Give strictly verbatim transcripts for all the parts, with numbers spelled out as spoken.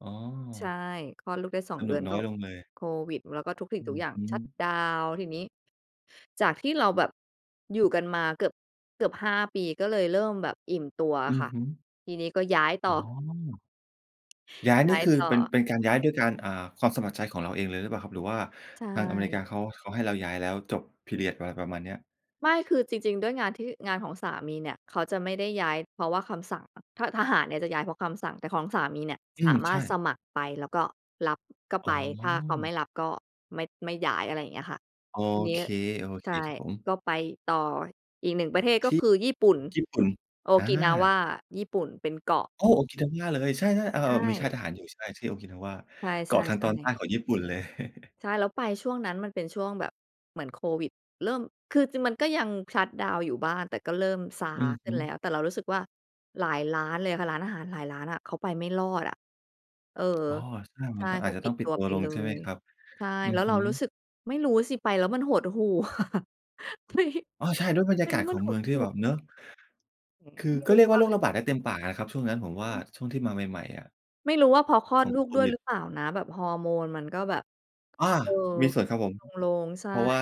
อ๋อ ใช่ คลอดลูกได้ สอสง เดนืุอกนนก้อ็ยลงเลย โควิด แล้วก็ทุกสิ่องืทุกออย่างฮึ ชัตดาวน์ ทีนี้จากที่เราแบบอยู่กันมาเกือบ เกือบ ห้า ปีก็เลยเริ่มแบบอิ่มตัวออะืคอ่ะ ฮึ ทีนี้ก็ย้ายต่อ๋อ อ ย้ายยน้ี่ ายคือ ต่เป็น อ เป็นการย้ายด้วยการ อ่า ความสมัครใจของเราเองเลยหรือเปล่าครับ หรือว่าใชทางอเมริ่ กาเขา เขาให้เราย้ายแล้วจบ พีเรียด อะไรประมาณเนี้ย? ไม่ คือจริง ๆ ด้วยงานที่ งานของสามีเนี่ยเขาจะไม่ได้ย้ายเพราะว่าคำสั่ง ท ทหารเนี่ยจะย้ายเพราะคำสั่ง แต่ของสามีเนี่ยอืสาม มใาชรถ่ สมัครไป แล้วก็รับก็อ๋ไป ถ้าเขาไม่อ รับก็ไม่ ไม่ย้าย อะไรอย่างเงี้ยค่ะ โอทีนีเ้ ค ใช่ ๆ ครับผม ก็ไปต่ออีก หนึ่ง ประเทศ กท็ี่คือญี่ปุ่น ญี่ปุ่น โออกา ินาวะ ญี่ปุ่น เป็นเกาะ โอ้ โอกินาวะเลย ใช่ ๆ เออ ใชๆ มีค่า่ ยทหารอยู่ ใช่ ที่โอกินาวะ ใชเกาะทางต่ อนใๆ ตๆ ้ของญี่ปุ่นเลย ใช่ แล้วไปช่วงนั้นมันเป็นช่วงแบบเหมือนโควิด เริ่ม คือจริงมันก็ยังชัตดาวน์อยู่บ้างแต่ก็เริ่มซาอือขฮึ้ึ นแล้ว แต่เรารู้สึกว่า หลายร้านเลยอะค่ะ ร้านอาหารหลายร้านอะเขาไปไม่รอดอะ เออ อ๋อ ใช่ ใชมั่ นต้อง เอขาจาจะปติ้อดงปิตดัวตัไวปลเง ลใช่ไหมย ครับ ใช่ อืแอล้วฮเรึ ารู้สึก ไม่รู้สิไปแล้วมันหดหู่ ไป อ้อ ใช่ ด้วยบรรไยปากแลา้ศวขมันองหเมืดองทีหู่แบ่ บ เนาะ อืม คือไม่ก็รูเร้ียกวอ่าโรคะ ระบาดได้เต็มปากอะครับช่วงนั้นผมว่า อือ ช่วงที่มาใหม่ ๆ อะ ไม่รู้ว่าเพราะคลอขดองลูโคกด้วยวิหด รือเปล่านะ แบบฮอร์โมนมันก็แบบ อา เออ มีสข่วนครับึผ้น ม ๆ ลง ๆ ใช่ เพราะว่า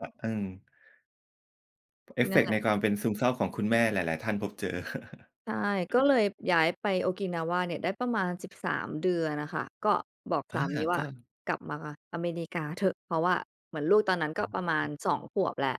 อ อือ เอฟนเฟั่นกแหต์ละ ในความเป็นซึมเศร้าของคุณแม่หลาย ๆ ท่านพบเจอ ใช่ ก็เลยย้ายไปโอกินาวะเนี่ยได้ประมาณ สิบสาม เดือนอะค่ะ ก็บอกอสา ามีวก่า ็ "กลับมาอเมริกาเถอะ" เพราะว่าเหมือนลูกตอนนั้นกอ๋็อ ประมาอืณ อ สอง ขวบแหละ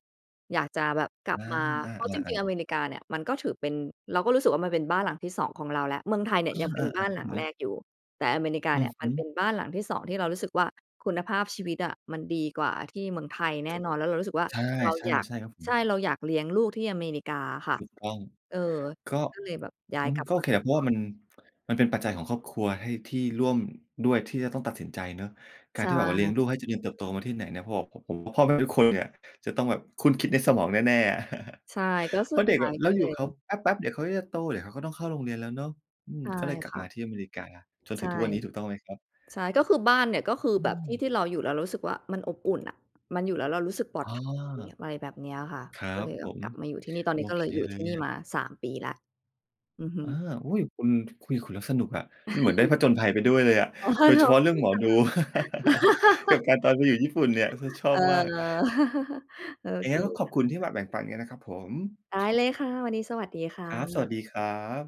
อยากจะแบบกลอับมา า เพราะจริๆ ๆ ง ๆ ๆ อเมริกาเนี่ย มันก็ถือเป็น เราก็รู้สึกว่ามันเป็นบ้านหลังที่ สอง ของเราแหละ เมืองไทยเนี่ยอยังเป็นา ๆ ๆ คบร้ัาบนหผลังแรม กอยู่ แต่อเมริกาอเืนี่อยฮมัึ นเป็นบ้านหลังที่ สอง ที่เรารู้สึกว่า คุณภาพชีวิตอะมันดีกว่าที่เมืองไทยแน่นอน แล้วเรารู้สึกว่าใช่ เราอยาก ๆ ใช่ครับผใชม ่ เราอยากเลี้ยงลูกที่อเมริกาอะค่ะ ถูกต้อง เออ ก็ ก็เลยแบบย้าอืยกม ลับก็มโอาเคแหอีละกเพราระวอ่าบ มัน มันเป็นปัจจัยของครอบครัวให้ ที่ร่วมด้วย ที่จะต้องตัดสินใจเนาะ กใาชรที่แบบว่าเลี้ยง่ ลูกให้เจริญเติบโตมาที่ไหนเนี่ย เพราะว่า ผ ผม พ่อแม่ทุกคนเนี่ยจะต้องแบบครุ่นคิดในสมองแน่ ๆ อะ ใช่ ก็เสพุราดะเดท็ก้าอยะเกร็าเอลยู่กับเขาย แป๊บ ๆ เดี๋ยวเขาจะโต เดี๋ยวเขาก็ต้องเข้าโรงเรียนแล้วเนาะ อืม ใช่ก็เลยกลัคบ่มะ าที่อเมริกาจนใถชึ่ งทุกวันนี้ ถูกต้องไหมครับ? ใช่ ก็คือบ้านเนี่ย ก็คืออืแบบที่ม ที่เราอยู่แล้วรู้สึกว่ามันอบอุ่นอะ มันอยู่แล้วเรารู้สึกปลออด้ภัย อ อะไรแบบเนี้ยอะค่ะ ครัก็บเลยแผบบม กลับมาอยู่ที่นี่ ตอนโนอี้ก็เเคลยอยู่เลทีย่นี่อะ มา สาม ปีแล้ว อือฮอา ึ อุ๊ย คุณ คุยกับคุณแล้วสนุกอะ เหมือนได้ผจญภัยไปด้วยเลยอะ อ๋โดยเฉพาะเรื่องหมอดู อ กับการตอนไปอยู่ญี่ปุ่นเนี่ย ช ชอเอบอ มาก โออย่าเงคไรก็ขอบคคุ่ณที่ะ มาแบ่งปันกันนะครับผม ได้เลยค่ะ วันนี้สวัสดีค่ครับ สวัะ สดีครับ